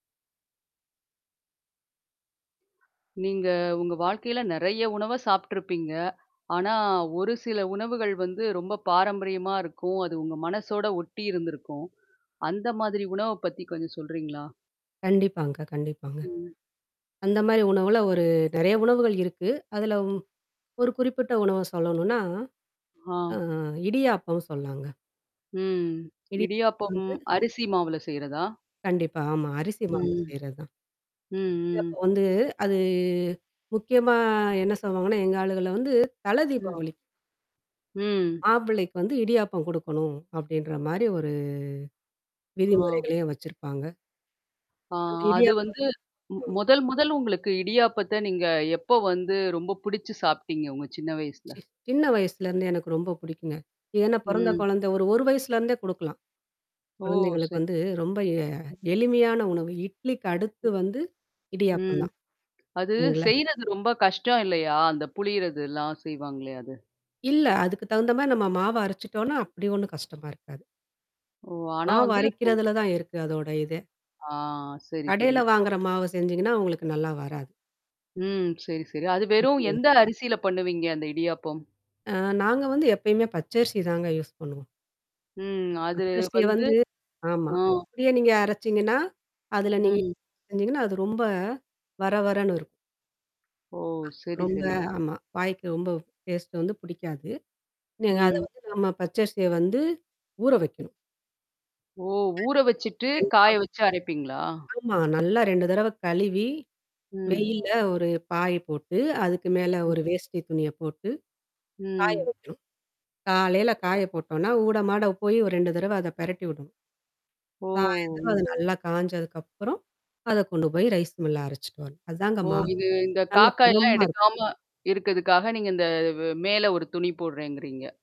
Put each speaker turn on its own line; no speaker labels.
நீங்க உங்க வாழ்க்கையில நெறைய உணவ சாப்புட்டுருப்பீங்க. ஆனா ஒரு சில உணவுகள் வந்து ரொம்ப பாரம்பரியமா இருக்கும். அது உங்க மனசோட ஒட்டி இருந்திருக்கும். அந்த மாதிரி உணவ பத்தி கொஞ்சம் சொல்றீங்களா?
கண்டிப்பாங்க, கண்டிப்பாங்க.
ம்.
அந்த மாரி உணவுல ஒரு நெறைய உணவுகள் இருக்கு. அதுலவும் ஒரு குறிப்பிட்ட உணவ சொல்லணும்னா. அ
ஆ.
இடியாப்பம் சொல்லாங்க.
ம்.
இடியா
இடியாப்பம்!
வந்து
அரிசி மாவுல செய்றதா?
கண்டிப்பா. ஆமா. அரிசி மாவுல
ம்.
செய்றது தான்.
ம், ம்.
அப்போ வந்து அது முக்கியமா என்ன சொல்லுவாங்கன்னா, எங்க ஆளுகளல வந்து
ம்.
தலதீபாவளிக்கு
ம்.
மாப்பளைக்கு வந்து இடியாப்பம் குடுக்கணும். அப்படின்ற மாரி ஒரு
ஆ.
விதிமுறைகளையும் வச்சிருப்பாங்க.
ஆ,
அந்த
அது
இடியாப்ப
வந்து மு
ம்.
முதல் முதல் உங்களுக்கு இடியாப்பத்த நீங்க எப்ப வந்து ரொம்ப பிடிச்சு சாப்பிட்டீங்க, உங்க சின்ன வயசுல?
சி சின்ன வயசுலருந்தே எனக்கு ரொம்ப பிடிக்குங்க. ஏன்னா பிறந்த
ம்.
குழந்த ஒரு, ஒரு வயசுலருந்தே குடுக்கலாம்.
ஓ!
குழந்தைங்களுக்கு
சரி.
வந்து ரொம்ப எ எளிமையான உணவு. இட்லிக்கு அடுத்து வந்து இடியாப்பம்
ம்.
தான்.
அது
இல்லைங்களா?
செய்றது ரொம்ப கஷ்டம் இல்லையா? அந்த புழியிறதுல்லாம் செய்வாங்கல்லையா? அது?
இல்ல. அதுக்கு தகுந்த மாரி நம்ம மாவ அரைச்சுட்டோம்னா, அப்படி ஒண்ணும் கஷ்டமா இருக்காது.
ஓ! ஆனா வந்து இப்போ
மாவரைக்கிறதுல தான் இருக்கு, அதோட இதே.
ஆ. சரி,
கடையில
சரி.
வாங்குற மாவு செஞ்சீங்கன்னா, உங்களுக்கு நல்லா வராது.
ம். சரி, சரி. அது வெறும்
வீட்டிலையே
எந்த அரிசியில பண்ணுவீங்க, அந்த இடியாப்பம்?
அ நாங்க வந்து எப்பயுமே பச்சரிசி தாங்க யூஸ் பண்ணுவோம்.
ம். அது
பச்சரிசிய
வந்து
வந்து ஆமா.
அ.
அப்பிடியே நீங்க அரைச்சீங்கன்னா? அதுல நீங்க
ம்.
செஞ்சீங்கன்னா, அது ரொம்ப வர வரன்னு இருக்கும்.
ஓ! சரி,
ரொம்ப
சரி.
ஆமா. வாய்க்கு ரொம்ப டேஸ்ட்டு வந்து பிடிக்காது. நீங்க. அத
ம்.
வந்து நம்ம பச்சரிசிய வந்து ஊற வைக்கணும்.
ஓ! ஊற வச்சுட்டு காய
[unintelligible]
வச்சு அரைப்பீங்களா?
ஆமா. நல்லா 2 தடவ கழுவி.
ம்.
வெயில ஒரு பாய் போட்டு, அதுக்கு மேல
ம்.
ஒரு வேஷ்டி துணிய போட்டு, காய
ம்.
வைக்கணும். காலையில காய போட்டோம்னா, ஊட, மாட போய் 2 தடவை அத பிரட்டி விடணும்.
ஓ!
சாயந்தரம் அது
ம்.
நல்லா காஞ்சதுக்கப்புறம். அத கொண்டு போய் ரைஸ் மில்லுல அரைச்சுட்டு வரணும். அதாங்க
ஓ!
மாவு
இது இந்த
நல்ல
காக்காய்லாம்
பதமா இருக்கும்.
எடுக்காம. இருக்கதுக்காக நீங்க இந்த வே மேல ஒரு துணி போடுறேங்கிறீங்க?